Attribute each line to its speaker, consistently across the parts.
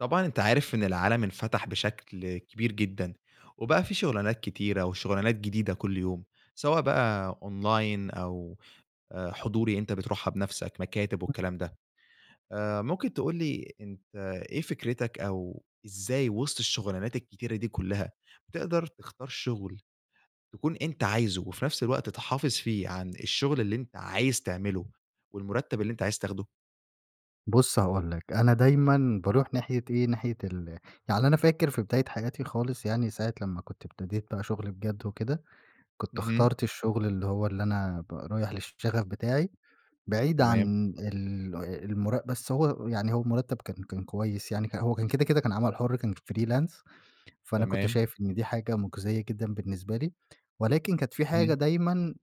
Speaker 1: طبعًا أنت عارف، إن العالم انفتح بشكل كبير جدًا. وبقى في شُغلانات كتيرة، وشُغلانات جديدة كل يوم، سواء بقى Online أو آآ حضوري، أنت بتروحها بنفسك، مكاتب
Speaker 2: [unintelligible]
Speaker 1: والكلام ده. آآ مُمكن تقول لي أنت إيه فكرِتَك أو إزاي وسط الشُغلانات الكتيرة دي كلّها، تقدر تختار شُغل، تكون أنت عايزه، وفي نفس الوقت تحافظ فيه عن الشُغل اللي أنت عايز تعمله، والمُرتّب اللي أنت عايز تاخده؟
Speaker 2: بُصّ هاقول لَك، أنا دايمًا باروح ناحية إيه، ناحية ال يعني أنا فاكر في بداية حياتي خالص، يعني ساعة لمّا كُنت ابتديت بقى شغل بجد وكده، كُنت
Speaker 1: اهم.
Speaker 2: اخترت الشغل اللي هو، اللي أنا ب رايح للشغف بتاعي، بعيد
Speaker 1: تمام.
Speaker 2: عن ال المُرَ بس هو يعني هو المُرتّب كان كان كويس يعني. ه هو كان كده، كده كان عمل حُر كان Freelance فأنا كُنت
Speaker 1: تمام.
Speaker 2: شايف إن دي حاجة، مُجْزِية جدًا بالنسبة لي، ولكن كانت في حاجة
Speaker 1: اهم.
Speaker 2: دايمًا،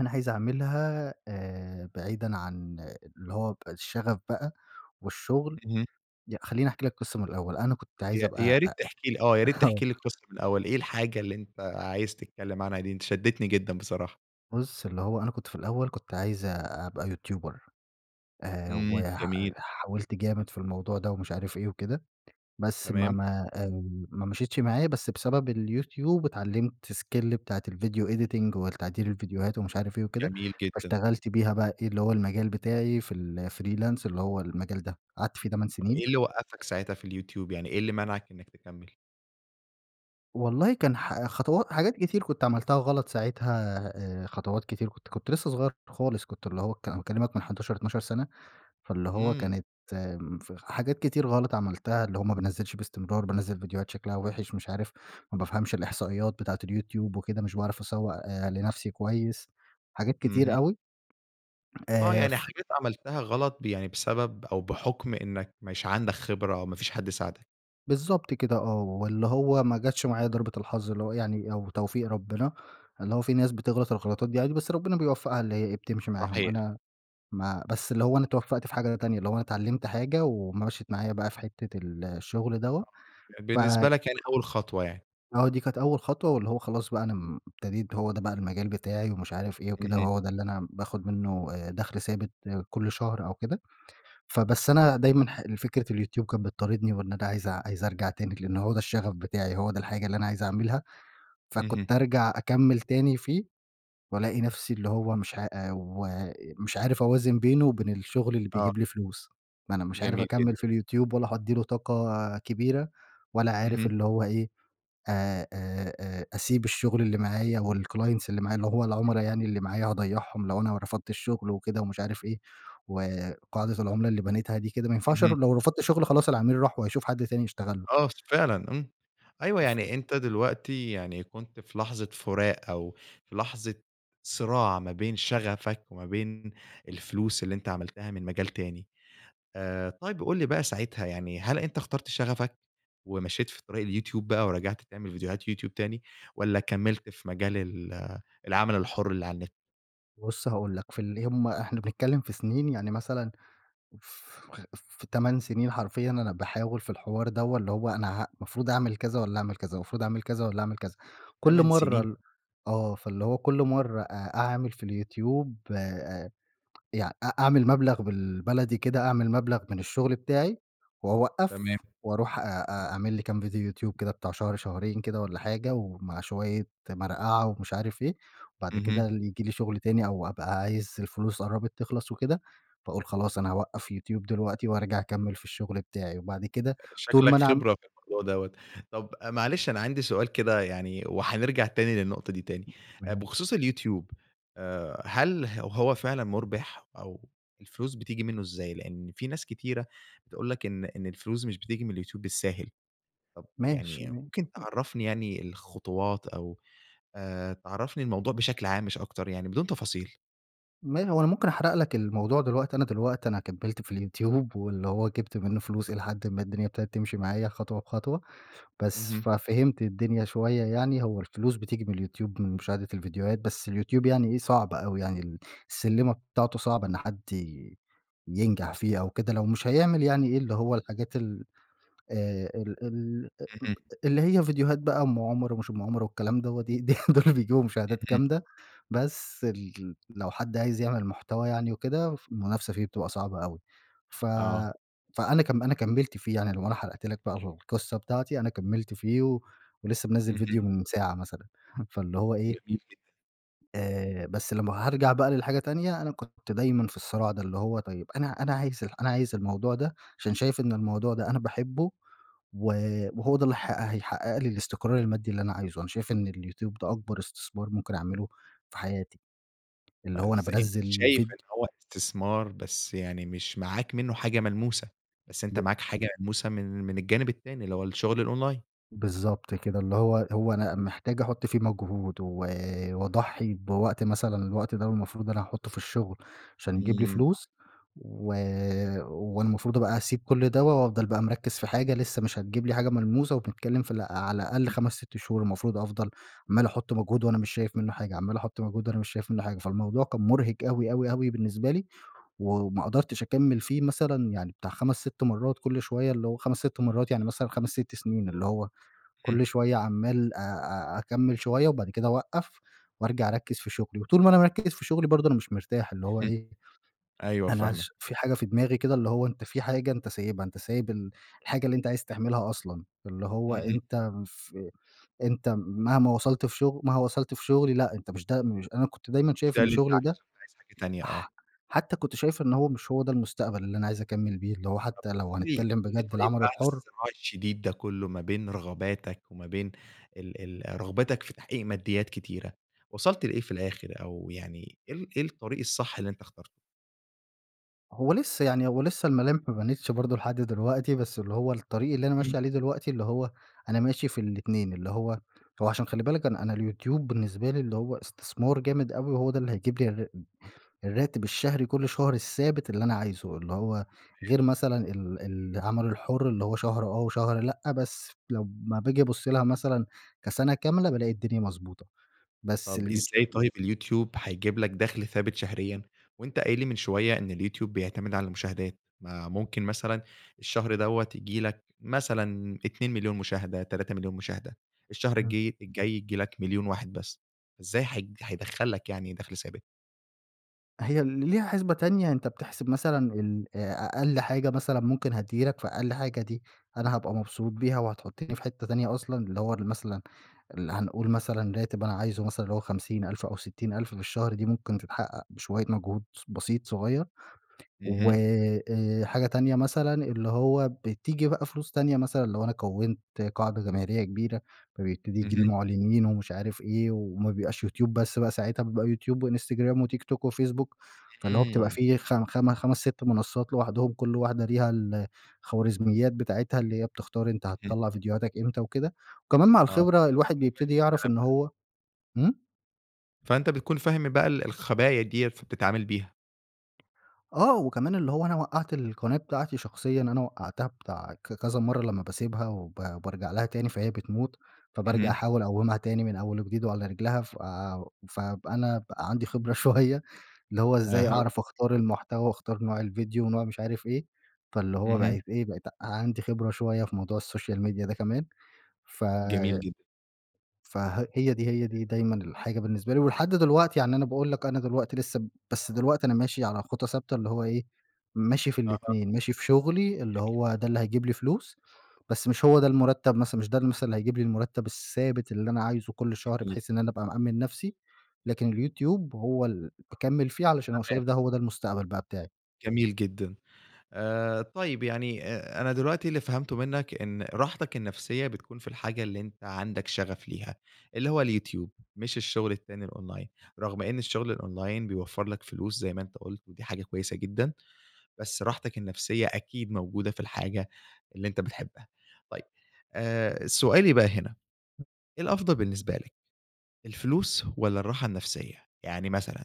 Speaker 2: أنا عايز أعملها آآ بعيدًا عن اللي هو ب الشغف بقى والشغل
Speaker 1: اهم.
Speaker 2: ي خلّيني أحكي لَك قِصة من الأول، أنا كُنت عايز
Speaker 1: يا يا
Speaker 2: أبقى
Speaker 1: ريت
Speaker 2: أأ
Speaker 1: تحكي لي آه، يا ريت،
Speaker 2: آه
Speaker 1: تحكي لي القصة من الأول. إيه الحاجة اللي أنت عايز تتكلم عنها دي، أنت شدّيتني جدًا بصراحة؟
Speaker 2: بُصّ اللي هو أنا كنت في الأوّل كنت عايز أبقى يوتيوبر، آآ،
Speaker 1: امم،
Speaker 2: وح
Speaker 1: جميل.
Speaker 2: حاولت جامد في الموضوع ده، ومش عارف إيه وكده، بس ما
Speaker 1: تمام.
Speaker 2: ما آآ، ما مشيتش معايا، بس بسبب اليوتيوب اتعلمت skill بتاعة الvideo editing، والتعديل الڤيديوهات ومش عارف إيه وكده،
Speaker 1: جميل جدًا.
Speaker 2: فاشتغلت بيها بقى إيه اللي هو المجال بتاعي في الFreelance اللي هو المجال ده، قعدت في 8 سنين.
Speaker 1: إيه اللي وقفك ساعتها في اليوتيوب، يعني إيه اللي منعك إنك تكمل؟
Speaker 2: والله كان ح خطوا حاجات كتير كنت عملتها غلط ساعتها، آآ، خطوات كتير كنت كنت لسّه صغيّر خالص، كنت اللي هو ك أنا باكلمك من 11 12 سنة، فاللي هو
Speaker 1: امم.
Speaker 2: كانت امم، ف حاجات كتير غلط عملتها، اللي هو ما بانزّلش باستمرار، بانزّل ڤيديوهات شكلها وحِش مش عارف ما بافهمش الإحصائيات بتاعة اليوتيوب وكده، مش باعرف أسوّق لنفسي كويّس، حاجات
Speaker 1: اهم.
Speaker 2: كتير أوي،
Speaker 1: آه
Speaker 2: آآ،
Speaker 1: يعني
Speaker 2: ف
Speaker 1: حاجات عملتها غلط ب يعني بسبب أو بحكم إنّك مش عندك خبرة، أو ما فيش حد ساعدك.
Speaker 2: بالضبط كده آه، واللي هو ما جتش معايا ضربة الحظ اللي هو يعني، أو توفيق ربنا، اللي هو في ناس بتغلط الغلطات دي عادي، بس ربنا بيوفقها اللي هي إيه بتمشي معاهم،
Speaker 1: صحيح.
Speaker 2: أنا ما بس اللي هو أنا اتوفقت في حاجة تانية، اللي هو أنا اتعلمت حاجة، ومشِّت معايا بقى في حتّة ال الشغل دوّة،
Speaker 1: آه،
Speaker 2: ف
Speaker 1: بالنسبة لك يعني أوّل خطوة يعني.
Speaker 2: آه دي كانت أول خطوة، واللي هو خلاص بقى أنا م ابتديت هو ده بقى المجال بتاعي ومش عارف إيه وكده،
Speaker 1: اهم.
Speaker 2: وهو ده اللي أنا باخد منه آآ، دخل ثابت كُلّ شهر أو كده، فبس أنا دايمًا ح ال فكرة اليوتيوب كانت بتطاردني، وإن أنا عايز عايز أرجع تاني لأنه هو ده الشغف بتاعي، هو ده الحاجة اللي أنا عايز أعملها،
Speaker 1: اهم.
Speaker 2: فكنت ارجع أكمِّل تاني فيه، والاقي نَفسي اللي هو مش ع ومش عارف أوازن بينه وبين الشغل اللي
Speaker 1: آه.
Speaker 2: بيجيب لي فلوس، ما أنا مش عارف
Speaker 1: جميل
Speaker 2: أكمِّل
Speaker 1: جدًا.
Speaker 2: في اليوتيوب، ولا هادِّي له طاقة كبيرة، ولا عارف
Speaker 1: اهم.
Speaker 2: اللي هو إيه أ أ أ أسيب الشغل اللي معايا والclients اللي معايا، اللي هو
Speaker 1: [unintelligible]
Speaker 2: العملا يعني اللي معايا هاضيّعهم لو أنا رفضت الشغل وكده ومش عارف إيه، وقاعدة العملا اللي بنيتها دي كده ما ينفعش
Speaker 1: اهم.
Speaker 2: ر لو رفضت شغل خلاص العميل راح وهيشوف حد تاني يشتغل له.
Speaker 1: آه س فعلًا امم، أيوه
Speaker 2: ف
Speaker 1: يعني أنت دلوقتي يعني كنت في لحظة فراق، أو في لحظة صراع ما بين شغفك وما بين الفلوس اللي أنت عملتها من مجال تاني. آآ، طيب قُل لي بقى ساعتها يعني هل أنت اخترت شغفك، ومشيت في طريق اليوتيوب بقى ورجعت تعمل فيديوهات يوتيوب تاني، والّا كمّلت في مجال ال العمل الحر اللي على النت؟
Speaker 2: بُصّ هاقول لك، في اللي هم إحنا بنتكلم في سنين، يعني مثلًا ف في 8 سنين حرفيًا أنا باحاول في الحوار دوّة، اللي هو أنا ه مفروض أعمل كذا والّا أعمل كذا، المفروض أعمل كذا والّا أعمل كذا، كُلّ
Speaker 1: 8
Speaker 2: مَرّة
Speaker 1: سنين؟!
Speaker 2: ال آه، فاللي هو كُلّ مَرّة أ أعمل في اليوتيوب آآ، يع أ أعمل مبلغ بالبلدي كده أعمل مبلغ من الشغل بتاعي،
Speaker 1: تمام.
Speaker 2: واوقّف، واروح أ أ أعمل لي كام ڤيديو يوتيوب كده بتاع شهر شهرين كده والّا حاجة، ومع شويّة مرقعة ومش عارف إيه، وبعد كده
Speaker 1: اهم.
Speaker 2: ال ييجي لي شغل تاني، أو أبقى عايز الفلوس قرّبت تخلص وكده، فاقول خلاص أنا هاوقّف يوتيوب دلوقتي، وارجع أكمِّل في الشغل بتاعي، وبعد كده طول
Speaker 1: شكلك
Speaker 2: ما أنا عم
Speaker 1: خبرة في الموضوع دوّة، طب معلش أنا عندي سؤال كده يعني، وهنرجع تاني للنقطة دي تاني،
Speaker 2: م ماشي.
Speaker 1: بخصوص اليوتيوب آآ، هل ه هو فعلًا مُربِح، أو الفلوس بتيجي منه إزاي؟ لأن في ناس كتيرة تقول لك إن إن الفلوس مش بتيجي من اليوتيوب بالساهل، طب
Speaker 2: ماشي
Speaker 1: يعني
Speaker 2: ما
Speaker 1: ممكن
Speaker 2: أ
Speaker 1: تعرّفني يعني الخُطوات، أو آآ، تعرّفني الموضوع بشكل عام مش أكتر يعني؟ بدون تفاصيل.
Speaker 2: ما هو أنا ممكن أحرق لك الموضوع دلوقتي، أنا دلوقتي أنا كمِّلت في اليوتيوب، واللي هو جبت منه فلوس إلى حدٍ ما الدنيا ابتدت تمشي معايا خطوة بخطوة، بس،
Speaker 1: اهم.
Speaker 2: ففهمت الدنيا شوية يعني، هو الفلوس بتيجي من اليوتيوب من مشاهدة الفيديوهات، بس اليوتيوب يعني إيه صعب أوي يعني، ال السلِّمة بتاعته صعبة إن حد ي ينجح فيها أو كده لو مش هيعمل يعني إيه اللي هو الحاجات ال آآ، ال ال
Speaker 1: اهم.
Speaker 2: [unintelligible] اللي هي فيديوهات بقى أم عمر ومش أم عمر والكلام دوّة، دي دي دول اللي بيجيبوا مشاهدات
Speaker 1: اهم.
Speaker 2: جامدة، بس ال لو حد عايز يعمل محتوى يعني وكده فالمنافسة فيه بتبقى صعبة أوي، ف
Speaker 1: آه.
Speaker 2: فأنا كم أنا كمِّلت فيه يعني، لو أنا حرقت لك بقى القصة بتاعتي أنا كمِّلت فيه ولسه منزل
Speaker 1: اهم.
Speaker 2: فيديو من ساعة مثلًا، فاللي هو إيه
Speaker 1: جميل جدًا.
Speaker 2: آآ، بس لمّا هارجع بقى للحاجة تانية أنا كنت دايمًا في الصراع ده اللي هو طيب أنا أنا عايز ال أنا عايز الموضوع ده عشان شايف إن الموضوع ده أنا باحبه و وهو ده اللي ه هيحقق لي الاستقرار المادي اللي أنا عايزه، أنا شايف إن اليوتيوب ده أكبر استثمار ممكن أعمله في حياتي، اللي هو أنا
Speaker 1: بس أنت
Speaker 2: بانزّل
Speaker 1: شايف
Speaker 2: فيد
Speaker 1: إن هو استثمار، بس يعني مش معاك منه حاجة ملموسة، بس أنت
Speaker 2: ب
Speaker 1: معاك حاجة ملموسة من من الجانب التاني اللي هو الشغل الأونلاين.
Speaker 2: بالضبط كده. اللي هو هو أنا محتاج أحُط فيه مجهود، و واضحّي بوقت مثلًا الوقت ده المفروض أنا هاحُطه في الشغل عشان يجيب لي
Speaker 1: إمم.
Speaker 2: فلوس، و والمفروض بقى أسيب كل دوّة وأفضل بقى مركّز في حاجة لسّه مش هتجيب لي حاجة ملموسة وبنتكلّم في ال أ على الأقل
Speaker 1: [unintelligible]
Speaker 2: 5، 6 شهور المفروض أفضل عمّال أحُط مجهود وأنا مش شايف منّه حاجة، عمّال أحُط مجهود وأنا مش شايف منّه حاجة. فالموضوع كان مُرهق أوي، أوي، أوي بالنسبة لي، و وما قدرتش أكمّل فيه مثلًا يعني بتاع 5، 6 مرّات كل شوية اللي هو 5، 6 مرّات يعني مثلًا 5، 6 سنين. اللي هو
Speaker 1: إمم.
Speaker 2: كل شوية عمّال أ أ أكمّل شوية وبعد كده أوقّف، وأرجع أركّز في شغلي. وطول ما أنا مركّز في شغلي برضه أنا مش مرتاح. اللي هو
Speaker 1: إمم.
Speaker 2: إيه،
Speaker 1: أيوه
Speaker 2: أنا
Speaker 1: فاهمك.
Speaker 2: اش في حاجة في دماغي كده اللي هو أنت في حاجة أنت سايبها، أنت سايب ال الحاجة اللي أنت عايز تعملها أصلًا. اللي هو
Speaker 1: اهم.
Speaker 2: أنت مف أنت مهما وصلت في شغل مهما وصلت في شغلي لأ، أنت مش ده مش أنا كنت دايمًا
Speaker 1: مش
Speaker 2: شايف
Speaker 1: ده
Speaker 2: إن
Speaker 1: اللي أنت
Speaker 2: شُغلي ده
Speaker 1: عايزه، أنت عايز حاجة تانية آه.
Speaker 2: ح حتى كنت شايف إن هو مش هو ده المستقبل اللي أنا عايز أكمّل بيه. اللي هو
Speaker 1: طب
Speaker 2: حتىّ
Speaker 1: قُل
Speaker 2: لو
Speaker 1: لي
Speaker 2: هنتكلّم
Speaker 1: قُل لي
Speaker 2: بجد
Speaker 1: طيب
Speaker 2: العمل
Speaker 1: بعد
Speaker 2: الحُر
Speaker 1: الصراع الشديد ده كُلّه ما بين رغباتك وما بين ال ال رغبتك في تحقيق مادّيات كتيرة، وصلت لإيه في الآخر؟ أو يعني إيه ال إيه الطريق الصح اللي أنت اخترته؟
Speaker 2: هو لسّه يعني هو لسّه الملامح ما بانتش برضو لحد دلوقتي، بس اللي هو الطريق اللي أنا
Speaker 1: امم.
Speaker 2: ماشي عليه دلوقتي اللي هو أنا ماشي في الاتنين، اللي هو هو عشان خلِّ بالك أنا أنا اليوتيوب بالنسبة لي اللي هو استثمار جامد أوي، وهو ده اللي هيجيب لي الرا الراتب الشهري كُلّ شهر الثابت اللي أنا عايزه، اللي هو
Speaker 1: تمام.
Speaker 2: غير مثلًا ال العمل الحُر اللي هو شهر آه، وشهر لأ، بس لمّا باجي أبصّ لها مثلًا كسَنَة كاملة بالاقي الدنيا مضبوطة، بس
Speaker 1: طب
Speaker 2: اليوتيو
Speaker 1: إزاي طيب اليوتيوب هيجيب لك دخل ثابت شهريًا، وأنت قايل لي من شوية إن اليوتيوب بيعتمد على المشاهدات؟ ما ممكن مثلًا الشهر دوّة ييجي لك مثلًا 2.000.000 مشاهدة، 3.000.000 مشاهدة، الشهر
Speaker 2: امم.
Speaker 1: الجي الجاي ييجي لك 1.000.000 واحد بس، إزاي هي هيدخَّل لك يعني دخل ثابت؟
Speaker 2: هي ليها حِسْبة تانية، أنت بتحسب مثلًا الأ أقل حاجة مثلًا ممكن هتيجي لك، فأقل حاجة دي أنا هابقى مبسوط بيها وهتحطني في حتة تانية أصلًا، اللي هو أنا مثلًا ال هنقول مثلًا راتب أنا عايزه مثلًا اللي هو 50 ألف أو 60 ألف في الشهر، دي ممكن تتحقق بشوية مجهود س بسيط صغيّر و
Speaker 1: اهم.
Speaker 2: آآ، حاجة تانية مثلًا اللي هو بتيجي بقى فلوس تانية مثلًا لو أنا كَوِّنت قاعدة جماهيرية كبيرة، فبيبتدي ييجي لي
Speaker 1: اهم.
Speaker 2: مُعْلِنين ومش عارف إيه، وما بيبقاش يوتيوب بس بقى ساعتها، بيبقى يوتيوب وانستجرام وتيك توك وفيسبوك، فاللي هو بتبقى
Speaker 1: امم.
Speaker 2: فيه خم خم خمس، 6 منصات لوحدهم، كُلّ واحدة ليها الخوارزميّات بتاعتها اللي هي بتختار أنت
Speaker 1: اهم.
Speaker 2: هتطَلّع فيديوهاتك إمتى وكده، وكمان مع
Speaker 1: آه،
Speaker 2: الخبرة
Speaker 1: فأنت بتكون
Speaker 2: الواحد
Speaker 1: فاهم
Speaker 2: بيبتدي يعرف
Speaker 1: الكلام
Speaker 2: إن
Speaker 1: ده.
Speaker 2: هو امم؟
Speaker 1: فأنت بتكون فاهم بقى ال الخَبَايا ديَّة فبتتعامل بيها.
Speaker 2: آه وكمان اللي هو أنا وقعت القناة بتاعتي شخصيًا أنا وقعتها بتاع ك ك كذا مرّة لمّا باسيبها وب بارجع لها تاني فهي بتموت، فبارجع
Speaker 1: اهم.
Speaker 2: أحاول أقومها تاني من أوّل وجديد وعلى رجلها فآآ و فأب أنا بقى عندي خبرة شويّة اللي هو إزاي
Speaker 1: أها.
Speaker 2: أعرف أختار المحتوى وأختار نوع الڤيديو ونوع مش عارف إيه، فاللي هو
Speaker 1: اهم.
Speaker 2: بقيت إيه بقيت عندي خبرة شويّة في موضوع السوشيال ميديا ده كمان ف
Speaker 1: جميل جدًا.
Speaker 2: فها هي دي هي دي دايمًا الحاجة بالنسبة لي ولحد دلوقتي، يعني أنا باقول لك أنا دلوقتي لسّه بس دلوقتي أنا ماشي على خُطى ثابتة اللي هو إيه، ماشي في
Speaker 1: أها.
Speaker 2: الاتنين، ماشي في شغلي اللي
Speaker 1: جميل
Speaker 2: هو ده
Speaker 1: جدًا.
Speaker 2: اللي هيجيب لي فلوس، بس مش هو ده المرتب مثلًا مش ده اللي مثلًا اللي هيجيب لي المرتب الثابت اللي أنا عايزه كل شهر،
Speaker 1: جميل.
Speaker 2: بحيث إن أنا أبقى مأمن نفسي، لكن الYouTube هو اللى باكمل فيه علشان أنا
Speaker 1: تمام.
Speaker 2: شايف
Speaker 1: [unintelligible]
Speaker 2: ده هو ده المستقبل بقى بتاعي.
Speaker 1: جميل جدًا، آآ طيّب يعني أ أنا دلوقتي اللي فهمته منّك إن راحتك النفسيّة بتكون في الحاجة اللي أنتَ عندك شغف ليها، اللي هو اليوتيوب مش الشغل التاني الأونلاين، رغم إن الشغل الأونلاين بيوفر لك فلوس زي ما أنتَ قلت ودي حاجة كويّسة جدًا. بس راحتك النفسيّة أكيد موجودة في الحاجة اللي أنتَ بتحبها. طيّب آآ سؤالي بقى هنا
Speaker 2: [unintelligible]
Speaker 1: إيه الأفضل بالنسبة لك الفلوس، والّا الراحة النفسيّة؟ يعني مثلًا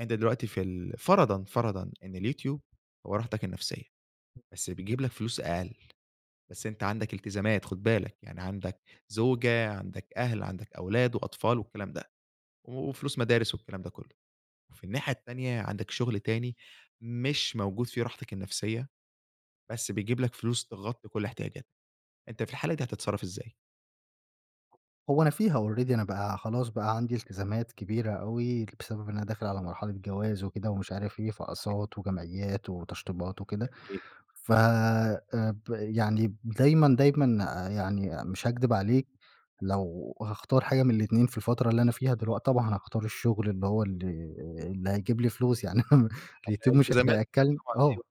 Speaker 1: أنت دلوقتي في ال فرضًا فرضًا إن اليوتيوب هو راحتك النفسيّة
Speaker 2: [unintelligible]
Speaker 1: بس بيجيب لك فلوس أقل بس أنت عندك التزامات خد بالك، يعني عندك زوجة، عندك أهل، عندك أولاد وأطفال والكلام ده وفلوس مدارس والكلام ده كلّه، وفي الناحية التانية عندك شغل تاني مش موجود فيه راحتك النفسيّة، بس بيجيب لك فلوس تغطي كل احتياجاتك، أنت في الحالة دي هتتصرف إزاي؟
Speaker 2: هو أنا فيها Already أنا بقى خلاص بقى عندي التزامات كبيرة أوي، بسبب إن أنا داخل على مرحلة جواز وكده ومش عارف إيه،
Speaker 1: [unintelligible]
Speaker 2: فأقساط وجمعيّات وتشطيبات وكدة،
Speaker 1: جميل.
Speaker 2: ف آآ، ب يعني دايمًا، دايمًا يعني مش هاكدب عليك، لو هاختار حاجة من الاتنين في الفترة اللي أنا فيها دلوقتي طبعًا هاختار الشُّغل، اللي هو اللي آآ اللي هيجيب لي فلوس، يعني
Speaker 1: علشان
Speaker 2: اليوتيوب مش
Speaker 1: التزاماتك
Speaker 2: هياكلن
Speaker 1: طبعًا،
Speaker 2: آه.
Speaker 1: أيوه.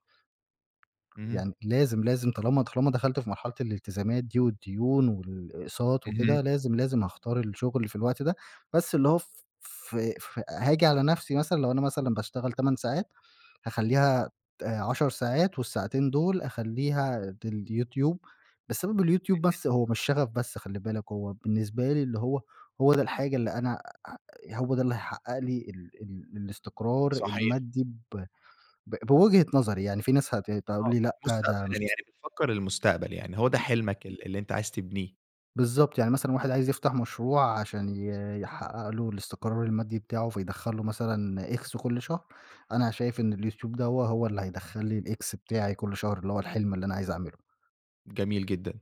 Speaker 1: اهم.
Speaker 2: يعني لازم، لازم طالما طالما دخلت في مرحلة الالتزامات دي والدُّيون والإقساط
Speaker 1: اهم.
Speaker 2: وكدة، لازم، لازم هاختار الشُّغل في الوقت ده، بس اللي هو ف ف ف هاجي على نفسي مثلًا، لو أنا مثلًا باشتغل 8 ساعات، هاخلِّيها ت 10 ساعات، والساعتين دول أخلّيها ديل يوتيوب، بسبب اليوتيوب
Speaker 1: اهم.
Speaker 2: بس هو مش شغف بس خلِّ بالك، هو بالنسبة لي اللي هو هو ده الحاجة اللي أنا أ هو ده اللي هيحقّق لي ال ال الاستقرار
Speaker 1: صحيح.
Speaker 2: المادي ب ب بوجهة نظري، يعني في ناس هت تقول
Speaker 1: آه،
Speaker 2: لي لأ، ده
Speaker 1: مُستقبلًا
Speaker 2: مش اس
Speaker 1: يعني بتفكّر للمستقبل يعني، هو ده
Speaker 2: [unintelligible]
Speaker 1: حلمك ال اللي أنتَ عايز تبنيه.
Speaker 2: بالضبط، يعني مثلًا واحد عايز يفتح مشروع، عشان ي يحقّق له الاستقرار المادي بتاعه، فيدخُل له مثلًا X كُلّ شهر، أنا شايف إن اليوتيوب دوّه، هو اللي هيدخل لي الX بتاعي كُلّ شهر، اللي هو الحلم اللي أنا عايز أعمله.
Speaker 1: جميل جدًا،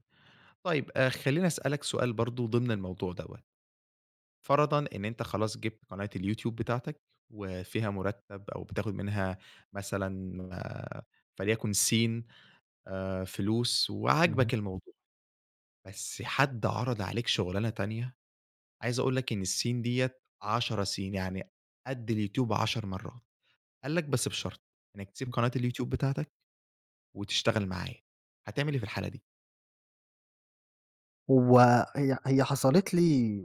Speaker 1: طيّب آآ، خلّيني أسألك سؤال برضو ضمن الموضوع دَوَّة. فرضًا إن أنتَ خلاص جِبت قناة الYouTube بتاعتك، وفيها مُرتب أو بتاخد منها مَثلًا آآ، فليكن سين آآ، فلوس،
Speaker 2: نعم.
Speaker 1: وعاجبك الموضوع. بس حد عرض عليك شغلانة تانية، عايز أقول لك إن السين دِيَّة 10 سين، يعني قد الYouTube 10 مرّات، قال لك: "بس بشرط إنّك تسيب
Speaker 2: [unintelligible]
Speaker 1: قناة الYouTube بتاعتك، وتشتغل معايا."، هتعمل إيه في الحالة دي؟
Speaker 2: هو– هي– هي حصلت لي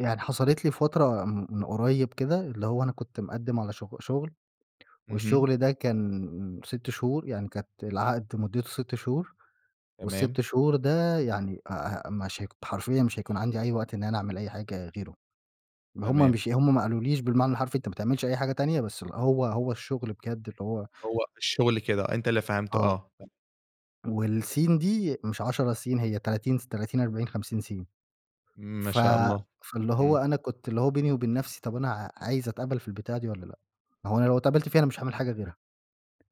Speaker 2: يعني حصلت لي فترة م من قريب كده، اللي هو أنا كنت مقدم على شغ– شغل،
Speaker 1: اهم.
Speaker 2: والشغل ده كان 6 شهور، يعني كانت العقد مدته 6 شهور،
Speaker 1: تمام.
Speaker 2: وال6 شهور ده يعني أ أ مش ه حرفيًا مش هيكون عندي أي وقت إن أنا أعمل أي حاجة غيره. هُم
Speaker 1: تمام.
Speaker 2: مش هُم ما قالوليش بالمعنى الحرفي أنتَ ما تعملش أي حاجة تانية، بس هو هو الشغل بجد اللي هو
Speaker 1: هو الشغل كده، أنتَ اللي فهمته.
Speaker 2: آه.
Speaker 1: آه.
Speaker 2: والسين دي مش 10 سين، هي 30 سي 30، 40، 50 سين.
Speaker 1: إمم، ما
Speaker 2: ف
Speaker 1: شاء الله.
Speaker 2: فاللي هو
Speaker 1: إمم.
Speaker 2: أنا كنت اللي هو بيني وبين نفسي طب أنا أ عايز أتقبل في البتاعة دي والّا لأ؟ ما هو أنا لو اتقبلت فيها، أنا مش هاعمل حاجة غيرها،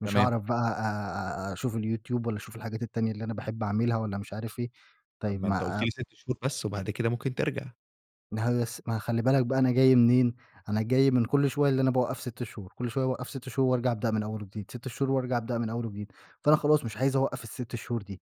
Speaker 2: مش
Speaker 1: تمام.
Speaker 2: هاعرف بقىى أ أ أ أشوف الYouTube، والّا أشوف الحاجات التانية اللي أنا باحب أعملها، والّا مش عارف إيه.
Speaker 1: طب
Speaker 2: طيّب
Speaker 1: ما أنتَ
Speaker 2: ما
Speaker 1: قلتَ
Speaker 2: آآ
Speaker 1: لي 6 شهور بس، وبعد كده ممكن ترجع.
Speaker 2: ما هو بس ما خلي بالك بقى أنا جاي منين؟ أنا جاي من كل شوية اللي أنا باوقف 6 شهور، كل شوية باوقف 6 شهور وأرجع أبدأ من أول وجديد، 6 شهور وأرجع أبدأ من أول وجديد. فأنا خلاص مش عايز أوقف ال6 شهور دي.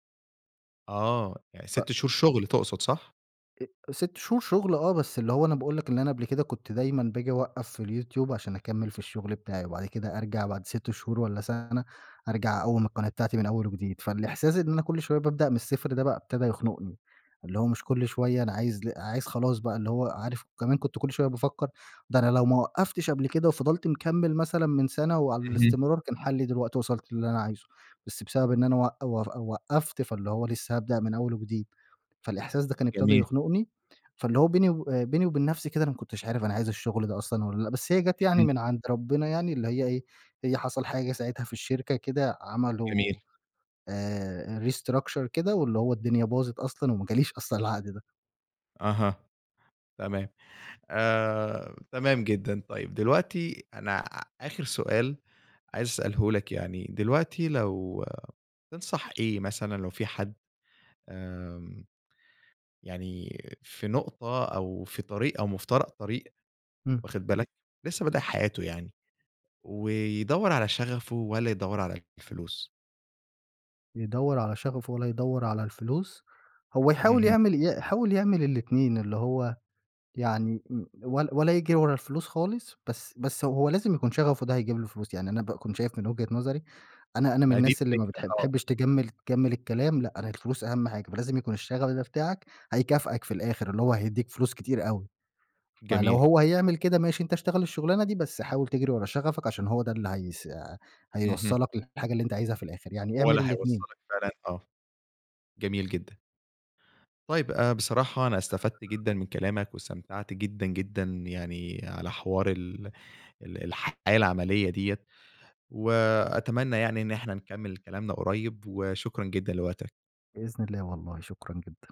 Speaker 1: آه، يعني
Speaker 2: ف
Speaker 1: 6 شهور شغل تقصد، صح؟
Speaker 2: ا 6 شهور شغل آه، بس اللي هو أنا باقول لك اللي أنا قبل كده كنت دايمًا باجي أوقّف في الYouTube، عشان أكمل في الشغل بتاعي، وبعد كده أرجع بعد 6 شهور والّا سنة أرجع أقوّم
Speaker 1: تمام.
Speaker 2: القناة بتاعتي من أول وجديد. فالإحساس إن أنا كل شوية بابدأ من الصفر ده بقى ابتدى يخنقني، اللي هو مش كل شوية أنا عايز ل عايز خلاص بقى، اللي هو عارف كمان كنت كل شوية بافكر ده أنا لو ما وقفتش قبل كده وفضلت مكمّل مثلًا من سنة وعلى
Speaker 1: اهم.
Speaker 2: الاستمرار كان حلّي دلوقتي وصلت للي أنا عايزه. بس بسبب إن أنا وق و وقفت فاللي هو لسه هابدأ من أول وجديد. فالإحساس ده كان ابتدى
Speaker 1: جميل.
Speaker 2: يخنقني، فاللي هو بيني وب بيني وبين نفسي كده أنا ما كنتش عارف أنا عايز الشغل ده أصلًا والّا لأ. بس هي جت يعني
Speaker 1: اهم.
Speaker 2: من عند ربنا يعني اللي هي إيه، هي حصل حاجة ساعتها في الشركة كده
Speaker 1: جميل.
Speaker 2: عملوا آآ، restructure كده، واللي هو الدنيا باظت أصلًا وما جاليش أصلًا العقد ده.
Speaker 1: أها، تمام. آآ، تمام جدًا. طيب، دلوقتي أنا آخر سؤال عايز أسأله لك يعني، دلوقتي لو تنصح إيه مثلًا لو في حد آمم، يعني في نقطة أو في طريق أو مفترق طريق
Speaker 2: امم.
Speaker 1: واخد بالك، لسه بادئ حياته يعني، ويدوّر على شغفه والّا يدوّر على الفلوس؟
Speaker 2: يدوّر على شغفه والّا يدّور على الفلوس؟ هو يحاول
Speaker 1: اهم.
Speaker 2: يعمل ي يحاول يعمل الاتنين، اللي هو يعني و ولا ولا يجري ورا الفلوس خالص بس بس هو لازم يكون شغفه ده هيجيب له فلوس. يعني أنا باكون شايف من وجهة نظري أنا أنا من
Speaker 1: ما دي
Speaker 2: الناس اللي ما
Speaker 1: الفكرة،
Speaker 2: بتح
Speaker 1: آه.
Speaker 2: تحبّش تجمّل تجمّل الكلام. لأ، أنا الفلوس أهم حاجة فلازم يكون الشغف ده بتاعك هيكافأك في الآخر اللي هو هيديك فلوس كتير أوي. فلو
Speaker 1: جميل.
Speaker 2: هو هيعمل كده ماشي أنت اشتغل الشغلانة دي، بس حاول تجري ورا شغفك عشان هو ده اللي هيس
Speaker 1: اهم.
Speaker 2: هيوصّلك للحاجة اللي أنت عايزها في الآخر يعني
Speaker 1: هو
Speaker 2: اعمل
Speaker 1: اللي
Speaker 2: الاتنين.
Speaker 1: هيوصلك فعلًا، آه. جميل جدًا. طيب، آآ، بصراحة أنا استفدت جدًا من كلامك، واستمتعت جدًا جدًا يعني على حوار ال ال الحياة العملية دِيّة، وأتمنى يعني إن إحنا نكمل كلامنا قريّب، وشكرًا جدًا لوقتك.
Speaker 2: بإذن الله، والله شكرًا جدًا.